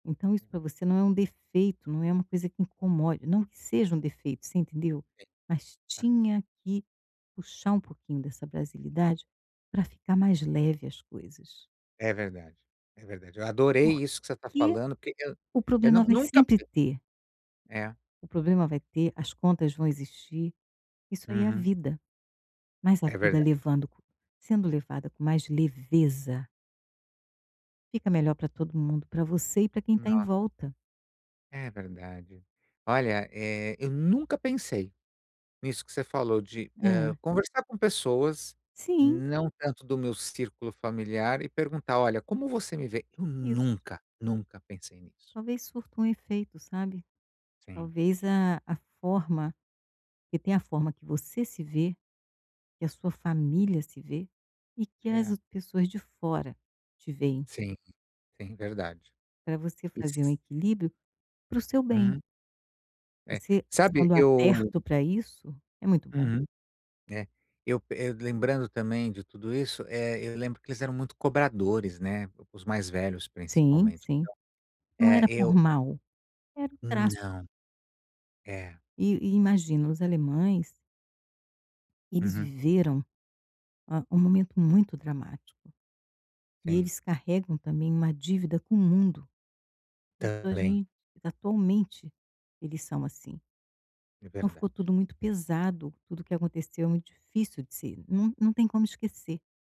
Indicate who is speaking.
Speaker 1: Então, isso
Speaker 2: Hum.
Speaker 1: para você não é um defeito, não é uma coisa que incomode não que seja um defeito, você entendeu?
Speaker 2: Sim,
Speaker 1: Mas
Speaker 2: hum.
Speaker 1: tinha que puxar um pouquinho dessa brasilidade para ficar mais leve as coisas.
Speaker 2: É verdade, é verdade. Eu adorei
Speaker 1: Por
Speaker 2: isso que você está
Speaker 1: que
Speaker 2: falando porque eu
Speaker 1: o
Speaker 2: eu
Speaker 1: problema
Speaker 2: não
Speaker 1: vai
Speaker 2: nunca
Speaker 1: sempre
Speaker 2: pe
Speaker 1: ter.
Speaker 2: É.
Speaker 1: O problema vai ter, as contas vão existir. Isso aí é a
Speaker 2: Uhum.
Speaker 1: vida. Mas a
Speaker 2: É
Speaker 1: vida
Speaker 2: verdade.
Speaker 1: levando sendo levada com mais leveza fica melhor para todo mundo. Para você e para quem está em
Speaker 2: Nos
Speaker 1: volta.
Speaker 2: É verdade. Olha, eh, eu nunca pensei nisso que você falou de, hã,
Speaker 1: Hã.
Speaker 2: conversar com pessoas,
Speaker 1: Sim.
Speaker 2: não tanto do meu círculo familiar e perguntar: "Olha, como você me vê?". Eu
Speaker 1: Isso.
Speaker 2: nunca, nunca pensei nisso.
Speaker 1: Talvez surta um efeito, sabe?
Speaker 2: Sim.
Speaker 1: Talvez a a forma porque tem a forma que você se vê, que a sua família se vê, e que as
Speaker 2: É.
Speaker 1: pessoas de fora te veem.
Speaker 2: Sim, sim, verdade.
Speaker 1: Para você fazer um
Speaker 2: Is
Speaker 1: equilíbrio para o seu bem.
Speaker 2: Hum. É.
Speaker 1: Você,
Speaker 2: Sabe
Speaker 1: estando
Speaker 2: eu
Speaker 1: aberto para isso, é muito bom.
Speaker 2: Uhum. É. Eu eu lembrando também de tudo isso, eh, eu lembro que eles eram muito cobradores, né, os mais velhos
Speaker 1: Sim,
Speaker 2: principalmente, então
Speaker 1: sim. Não era
Speaker 2: é,
Speaker 1: por
Speaker 2: eu a
Speaker 1: mal, era o traço.
Speaker 2: Não. É.
Speaker 1: E e imagina, os alemães eles
Speaker 2: Uhum.
Speaker 1: viveram, uma um momento muito dramático. E
Speaker 2: Sim.
Speaker 1: eles carregam também uma dívida com o mundo. Pessoas
Speaker 2: Também.
Speaker 1: em atualmente eles são assim.
Speaker 2: É
Speaker 1: Então ficou
Speaker 2: verdade.
Speaker 1: tudo muito pesado, tudo que aconteceu é muito difícil de ser. Não não tem como esquecer.